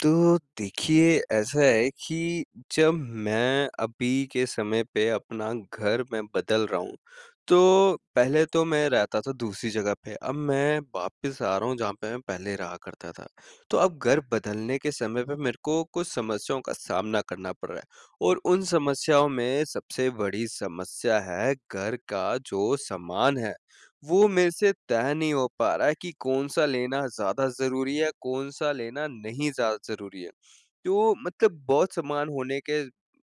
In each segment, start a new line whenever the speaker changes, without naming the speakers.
तो, देखिए, ऐसा है कि जब मैं अभी के समय पे अपना घर मैं बदल रहा हूँ तो, पहले तो मैं रहता था दूसरी जगह पे अब मैं वापिस आ रहा हूँ जहाँ पे मैं पहले रहा करता था। तो अब घर बदलने के समय पर मेरे को कुछ समस्याओं का सामना करना पड़ रहा है। और उन समस्याओं में सबसे बड़ी समस्या है घर का जो सामान है, वो मेरे से तय नहीं हो पा रहा है कि कौन-सा लेना ज़्यादा ज़रूरी है, कौन-सा लेना नहीं ज़्यादा ज़रूरी है। तो मतलब बहुत सामान होने के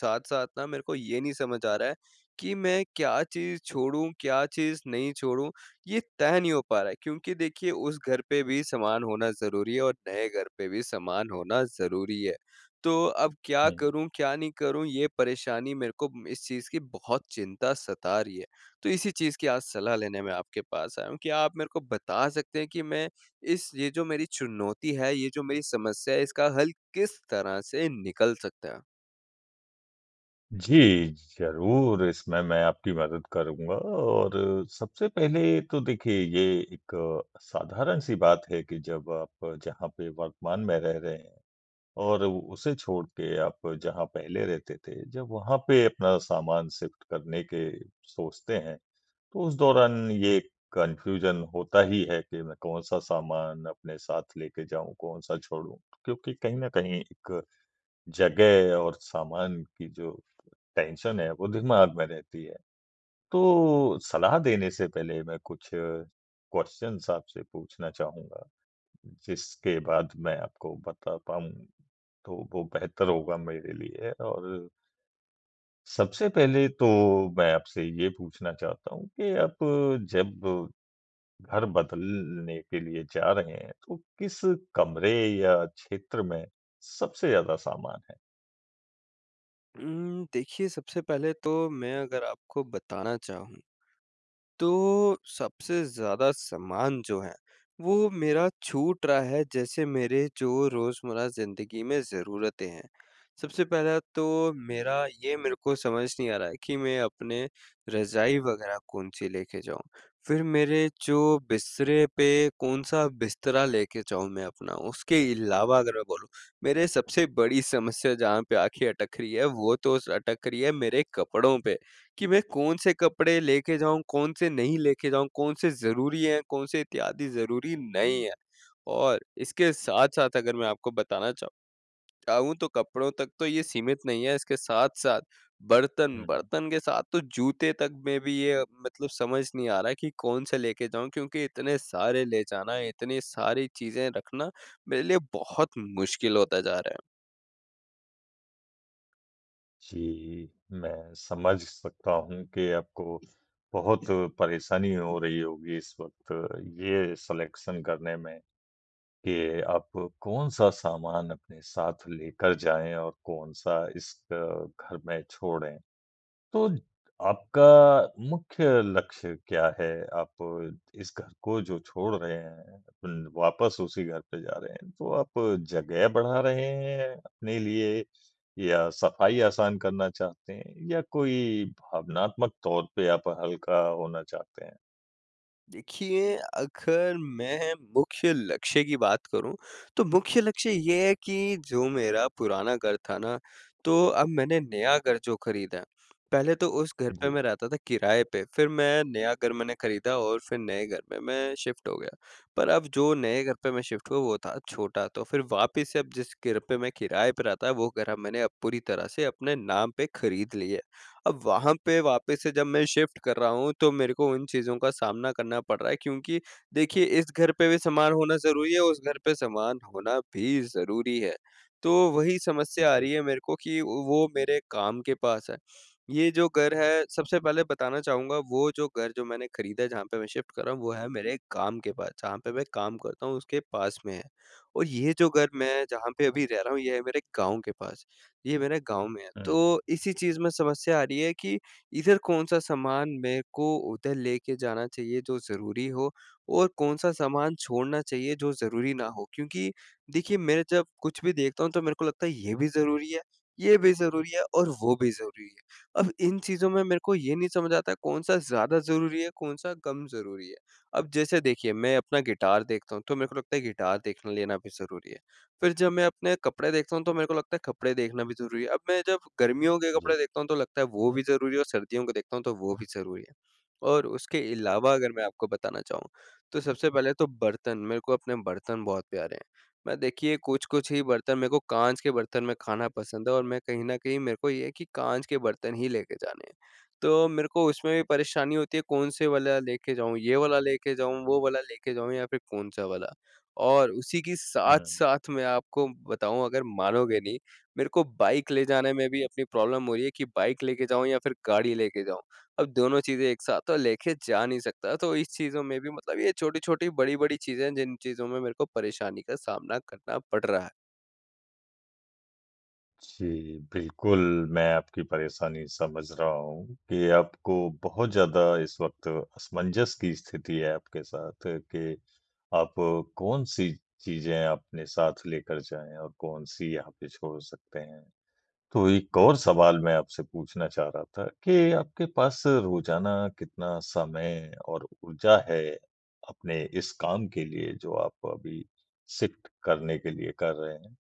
साथ-साथ ना मेरे को ये नहीं समझ आ रहा है, कि मैं क्या चीज़ छोड़ूँ, क्या चीज़ नहीं छोड़ूँ? ये तय नहीं हो पा रहा है, क्योंकि देखिए उस घर पे भी सामान होना ज़रूरी है और नए घर पे भी समान होना ज़रूरी है। तो अब क्या
हुँ।
करूँ, क्या नहीं करूँ ये परेशानी मेरे को इस चीज़ की बहुत चिंता सता रही है, तो इसी चीज़ की आज सलाह लेने में आपके पास आया हूँ, क्या आप मेरे को बता सकते हैं कि मैं इस ये जो मेरी चुनौती है, ये जो मेरी समस्या है इसका हल किस तरह से निकल सकता है?
जी। ज़रूर इसमें मैं आपकी मदद करूँगा और सबसे पहले तो देखिए ये एक साधारण-सी बात है कि जब आप जहाँ पे वर्तमान में रह रहे हैं। और उसे छोड़ के आप जहाँ पहले रहते थे जब वहाँ पे अपना सामान शिफ़्ट करने के सोचते हैं। तो उस दौरान ये कन्फ्यूज़न होता ही है कि मैं कौन-सा सामान अपने साथ लेके जाऊँ, कौन-सा छोड़ूँ? क्योंकि कहीं न कहीं एक जगह और सामान की जो टेंशन है वो दिमाग में रहती है। तो सलाह देने से पहले मैं कुछ क्वेश्चन्स आपसे पूछना चाहूँगा। जिसके बाद मैं आपको बता पाऊँ तो वो बेहतर होगा मेरे लिए और सबसे पहले तो मैं आपसे ये पूछना चाहता हूँ कि आप जब, घर बदलने के लिए जा रहे हैं, तो किस कमरे या क्षेत्र में सबसे ज़्यादा सामान है?
हुँ, देखिए सबसे पहले तो मैं अगर आपको बताना चाहूँ। तो सबसे ज़्यादा सामान जो है वो मेरा छूट रहा है जैसे मेरे जो रोज़मर्रा ज़िंदगी में ज़रूरतें हैं। सबसे पहला तो मेरा ये मेरे को समझ नहीं आ रहा है कि मैं अपने रज़ाई वग़ैरह कौन-सी ले के जाऊँ। फ़िर मेरे जो बिस्तरे पे कौन-सा बिस्तरा लेके जाऊँ मैं अपना। उसके अलावा अगर मैं बोलूँ मेरे सबसे बड़ी समस्या जहाँ पे आँखें अटक रही हैं। वो तो अटक रही है मेरे कपड़ों पे कि मैं कौन-से कपड़े लेके जाऊँ कौन-से नहीं लेके जाऊँ कौन-से ज़रूरी हैं कौन-से इत्यादि ज़रूरी नहीं है? और इसके साथ-साथ अगर मैं आपको बताना चाहूँ चाहूँ तो कपड़ों तक तो ये सीमित नहीं है। इसके साथ-साथ बर्तन
हुँ।
बर्तन के साथ तो जूते तक में भी ये मतलब समझ नहीं आ रहा कि कौन-से लेके जाऊँ। क्योंकि इतने सारे ले जाना है इतनी सारी चीज़ें रखना मेरे लिए बहुत मुश्किल होता जा रहा है।
जी। मैं समझ सकता हूँ कि आपको बहुत ज़रूर परेशानी हो रही होगी इस वक़्त ये सेलेक्शन करने में। कि आप कौन-सा सामान अपने साथ लेकर जाएँ और कौन-सा इस घर में छोड़े। तो आपका मुख्य लक्ष्य क्या है? आप इस घर को जो छोड़ रहे हैं ल वापस उसी घर पे जा रहे हैं तो आप जगह बढ़ा रहे हैं अपने लिए या सफ़ाई आसान करना चाहते हैं? या कोई भावनात्मक तौर पे आप हल्का होना चाहते हैं?
देखिए, अगर मैं मुख्य लक्ष्य की बात करूँ तो मुख्य लक्ष्य ये है कि जो मेरा पुराना घर था ना तो अब मैंने नया घर जो ख़रीदा, पहले तो उस घर पे
जी।
मैं रहता था किराए पे फिर मैं नया घर मैंने ख़रीदा और फिर नए घर में मैं शिफ्ट हो गया। पर अब जो नए घर पे मैं शिफ्ट हुआ वो था छोटा तो फिर वापिस से अब जिस घर पे मैं किराए पे रहता वो घर मैंने अब पूरी तरह से अपने नाम पे ख़रीद लिया है। अब वहाँ पे वापस से जब मैं शिफ्ट कर रहा हूँ तो मेरे को उन चीज़ों का सामना करना पड़ रहा है क्योंकि देखिए इस घर पे भी सामान होना ज़रूरी है उस घर पे सामान होना भी ज़रूरी है। तो वही समस्या आ
बिल
रही है मेरे को कि वो मेरे काम के पास है। ये जो घर है सबसे पहले बताना चाहूँगा वो जो घर जो मैंने ख़रीदा है जहाँ पे मैं शिफ्ट कर रहा हूँ वो है मेरे काम के पास, जहाँ पे मैं काम करता हूँ उसके पास में है। और ये जो घर मैं जहाँ पे अभी रह रहा हूँ ये है मेरे गाँव के पास, ये मेरे गाँव में है।
हुँ।
तो इसी चीज़ में समस्या आ रही है कि इधर कौन-सा सामान मेरे को उधर लेके जाना चाहिए जो ज़रूरी हो और कौन-सा सामान छोड़ना चाहिए जो ज़रूरी ना हो क्योंकि देखिए, मैं जब कुछ भी देखता हूँ तो मेरे को लगता है ये भी ज़रूरी है, ये भी ज़रूरी है और वो भी ज़रूरी है। अब इन चीज़ों में मेरे को ये नहीं समझ आता है कौन-सा ज़्यादा ज़रूरी है, कौन-सा कम ज़रूरी है? अब जैसे देखिए मैं अपना गिटार देखता हूँ तो मेरे को लगता है गिटार देखने लेना भी ज़रूरी है फिर जब मैं अपने कपड़े देखता हूँ तो मेरे को लगता है कपड़े देखना भी ज़रूरी है अब मैं जब गर्मियों के
जी।
कपड़े देखता हूँ तो लगता है वो भी ज़रूरी है और सर्दियों के देखता हूँ तो वो भी ज़रूरी है। और उसके अलावा अगर मैं आपको बताना चाहूँ तो सबसे पहले तो बर्तन, मेरे को अपने बर्तन बहुत प्यारे हैं मैं देखिए कुछ-कुछ ही बर्तन मेरे को कांच के बर्तन में खाना पसंद है और मैं कहीं न कहीं मेरे को ये है कि कांच के बर्तन हीं लेके जाने हैं। तो मेरे को उसमें भी परेशानी होती है, कौन-से वाला लेके जाऊँ ये वाला लेके जाऊँ वो वाला लेके जाऊँ या फिर कौन-सा वाला और उसी की
हुँ।
साथ-साथ मैं आपको बताऊँ अगर मानोगें नहीं मेरे को बाइक ले जाने में भी अपनी प्रॉब्लम हो रही है कि बाइक लेके जाऊँ या फिर गाड़ी लेके जाऊँ अब दोनों चीज़ें एक साथ तो लेके जा नहीं सकता तो इस चीज़ों में भी मतलब ये छोटी-छोटी बड़ी-बड़ी चीज़ें हैं जिन चीज़ों में मेरे को परेशानी का सामना करना पड़ रहा है।
जी, बिल्कुल मैं आपकी परेशानी समझ रहा हूँ कि आपको बहुत ज़्यादा इस वक़्त असमंजस की स्थिति है आपके साथ कि आप कौन-सी चीज़ें अपने साथ लेकर जाएँ और कौन-सी यहाँ पे छोड़ सकते हैं, तो एक और सवाल मैं आपसे पूछना चाह रहा था के आपके पास रोज़ाना कितना समय और ऊर्जा है अपने इस काम के लिए जो आप अभी शिफ्ट करने के लिए कर रहे हैं?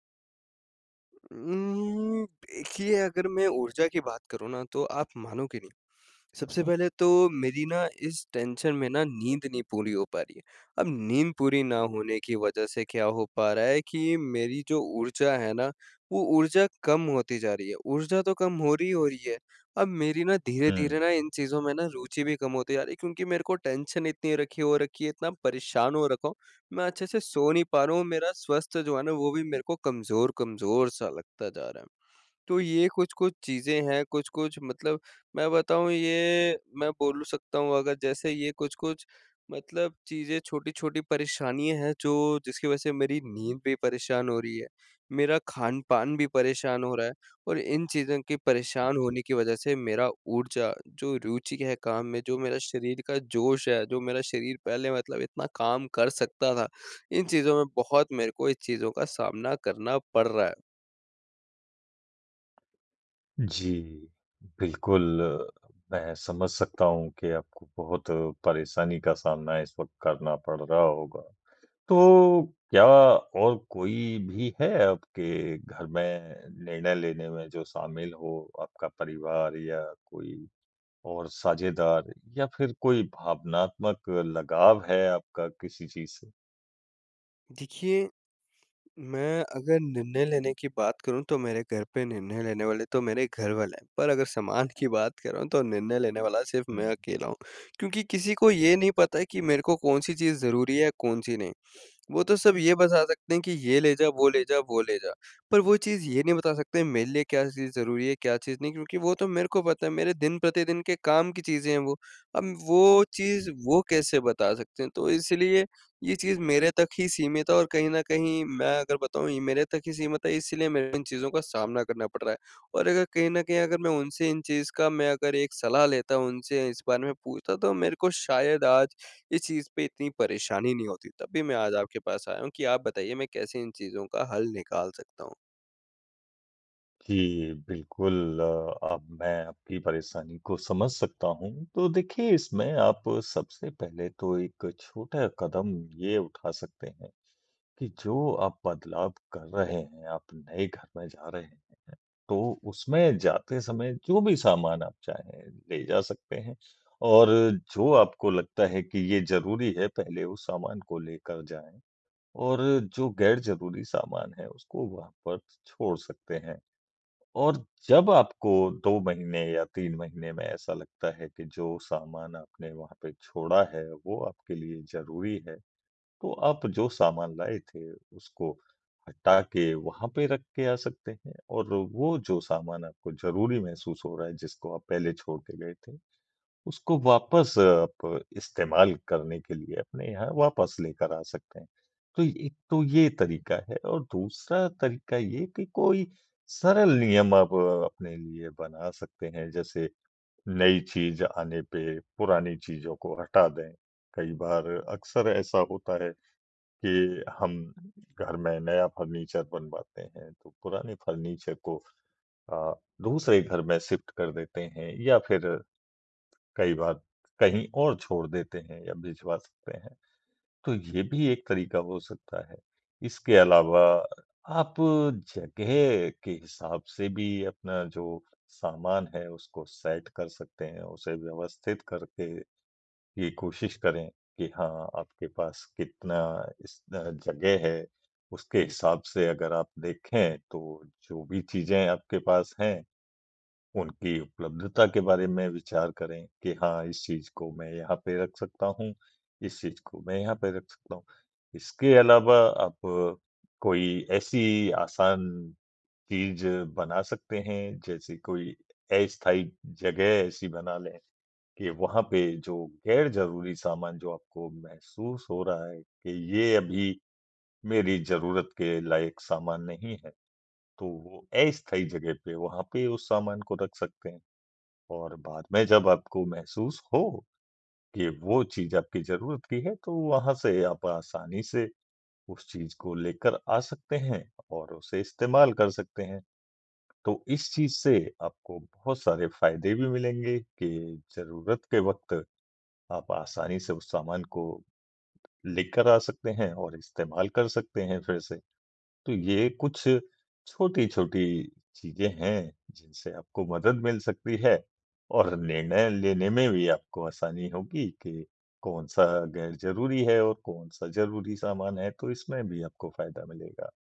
उम, देखिए अगर मैं ऊर्जा की बात करूँ ना तो आप मानोगें नहीं, सबसे पहले तो मेरी ना इस टेंशन में ना नींद नहीं पूरी हो पा रही है। अब नींद पूरी ना होने की वज़ह से क्या हो पा रहा है कि मेरी जो ऊर्जा है ना, वो ऊर्जा कम होती जा रही है। ऊर्जा तो कम हो रही हो रही है, अब मेरी ना धीरे-धीरे
हुँ।
ना इन चीज़ों में ना रुचि भी कम होती जा रही है क्योंकि मेरे को टेंशन इतनी रखी हो रखी है इतना परेशान हो रखा हूँ मैं अच्छे से सो नहीं पा रहा हूँ मेरा स्वस्थ जो है ना वो भी मेरे को कमज़ोर-कमज़ोर सा लगता जा रहा है। तो ये कुछ-कुछ चीज़ें हैं। कुछ-कुछ मतलब मैं बताऊँ ये मैं बोलूँ सकता हूँ अगर जैसे ये कुछ-कुछ मतलब चीज़ें छोटी-छोटी परेशानियाँ हैं जो जिसकी वज़ह से मेरी नींद भी परेशान हो रही है, मेरा खान-पान भी परेशान हो रहा है और इन चीज़ों के परेशान
जी।
होने की वज़ह से मेरा ऊर्जा जो रुचि है काम में, जो मेरा शरीर का जोश है, जो मेरा शरीर पहले मतलब इतना काम कर सकता था इन चीज़ों में बहुत मेरे को इस चीज़ों का सामना करना पड़ रहा है।
जी, बिल्कुल, मैं समझ सकता हूँ कि आपको बहुत परेशानी का सामना इस वक़्त करना पड़ रहा होगा। तो क्या और कोई भी है आपके घर में निर्णय लेने में जो शामिल हो आपका परिवार या कोई और साझेदार या फिर कोई भावनात्मक लगाव है आपका किसी चीज़ से?
देखिए, मैं अगर निर्णय लेने की बात करूँ तो मेरे घर पे निर्णय लेने वाले तो मेरे घर वाले हैं। पर अगर सामान की बात कर रहा हूँ तो निर्णय लेने वाला सिर्फ़ मैं
हुँ।
अकेला हूँ। क्योंकि किसी को ये नहीं पता है कि मेरे को कौन-सी चीज़ ज़रूरी है कौन-सी नहीं। वो तो सब ये बता सकते हैं कि ये ले जा, वो ले जा वो ले जा। पर वो चीज़ ये नहीं बता सकते हैं मेरे लिए क्या चीज़ ज़रूरी है क्या चीज़ नहीं क्योंकि वो तो मेरे को पता है मेरे दिन-प्रतिदिन के काम की चीज़ें हैं वो। अब वो चीज़
हुँ।
वो कैसे बता सकते हैं तो इसलिए ये चीज़ मेरे तक ही सीमित है। और कहीं न कहीं मैं अगर बताऊँ ये मेरे तक ही सीमित है इसलिए मेरे इन चीज़ों का सामना करना पड़ रहा है। और अगर कहीं न कहीं अगर मैं उनसे इन चीज़ का मैं अगर एक सलाह लेता, उनसे इस बारे में पूछता तो मेरे को शायद आज इस चीज़ पे इतनी परेशानी नहीं होती। तब भी मैं आज आपके पास आया हूँ कि आप बताइए मैं कैसे इन चीज़ों का हल निकाल सकता हूँ?
जी। बिल्कुल, अब मैं आपकी परेशानी को समझ सकता हूँ। तो देखिए इसमें आप सबसे पहले तो एक छोटा कदम ये उठा सकते हैं कि जो आप बदलाव कर रहे हैं आप नए घर में जा रहे हैं तो उसमें जाते समय जो भी सामान आप चाहे, ले जा सकते हैं। और जो आपको लगता है कि ये ज़रूरी है पहले उस सामान को लेकर जाएँ और जो गैर ज़रूरी सामान है उसको वहाँ पर छोड़ सकते हैं। और जब आपको 2 महीने या 3 महीने में ऐसा लगता है कि जो सामान आपने वहाँ पे छोड़ा है वो आपके लिए ज़रूरी है तो आप जो सामान लाए थे उसको हटा के वहाँ पे रख के आ सकते हैं। और वो जो सामान आपको ज़रूरी महसूस हो रहा है जिसको आप पहले छोड़ के गए थे, उसको वापस आप इस्तेमाल करने के लिए अपने यहाँ वापस लेकर आ सकते हैं। तो एक तो ये तरीका है और दूसरा तरीका ये कि कोई सरल नियम आप अपने लिए बना सकते हैं जैसे नई चीज़ आने पे पुरानी चीज़ों को हटा दें। कई बार अक्सर ऐसा होता है कि हम घर में नया फर्नीचर बनवाते हैं तो पुराने फर्नीचर को अ, दूसरे घर में शिफ्ट कर देते हैं। या फिर कई बार कहीं और छोड़ देते हैं या भिजवा सकते हैं। तो ये भी एक तरीका हो सकता है। इसके अलावा आप जगह के हिसाब से भी अपना जो सामान है उसको सेट कर सकते हैं। उसे व्यवस्थित करके ये कोशिश करें कि हाँ आपके पास कितना इस अ, जगह है उसके हिसाब से अगर आप देखें तो जो भी चीज़ें आपके पास हैं उनकी उपलब्धता के बारे में विचार करें कि हाँ, इस चीज़ को मैं यहाँ पे रख सकता हूँ, इस चीज़ को मैं यहाँ पे रख सकता हूँ। इसके अलावा आप कोई ऐसी आसान चीज़ बना सकते हैं। जैसे कोई अस्थायी जगह ऐसी बना लें कि वहाँ पे जो गैर ज़रूरी सामान जो आपको महसूस हो रहा है कि ये अभी मेरी ज़रूरत के लायक सामान नहीं है तो वो अस्थाई जगह पे वहाँ पे उस सामान को रख सकते हैं और बाद में जब आपको महसूस हो कि वो चीज़ आपकी ज़रूरत की है तो वहाँ से आप आसानी से उस चीज़ को लेकर आ सकते हैं और उसे इस्तेमाल कर सकते हैं। तो इस चीज़ से आपको बहुत सारे फ़ायदे भी मिलेंगे कि ज़रूरत के वक़्त आप आसानी से उस सामान को लेकर आ सकते हैं और इस्तेमाल कर सकते हैं फिर से तो ये कुछ छोटी-छोटी चीज़ें हैं, जिनसे आपको मदद मिल सकती है और निर्णय लेने में भी आपको आसानी होगी कि कौन-सा गैर ज़रूरी है और कौन-सा ज़रूरी सामान है। तो इसमें भी आपको फ़ायदा मिलेगा।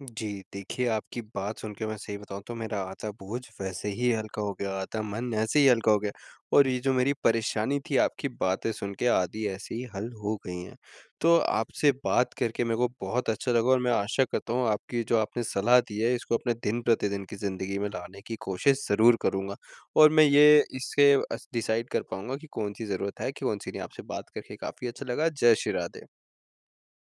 जी देखिए, आपकी बात सुन के मैं सही बताऊँ तो मेरा आधा बोझ वैसे ही हल्का हो गया, आधा मन ऐसे ही हल्का हो गया। और ये जो मेरी परेशानी थी आपकी बातें सुन के आधी ऐसी ही हल हो गई हैं। तो आपसे बात करके मैं को बहुत अच्छा लगा और मैं आशा करता हूँ आपकी जो आपने सलाह दी है इसको अपने दिन-प्रतिदिन की ज़िंदगी में लाने की कोशिश ज़रूर करूँगा। और मैं ये इससे अस डिसाइड कर पाऊँगा कि कौन-सी ज़रूरत है कि कौन-सी नहीं, आपसे बात करके काफ़ी अच्छा लगा। जय श्री राधे।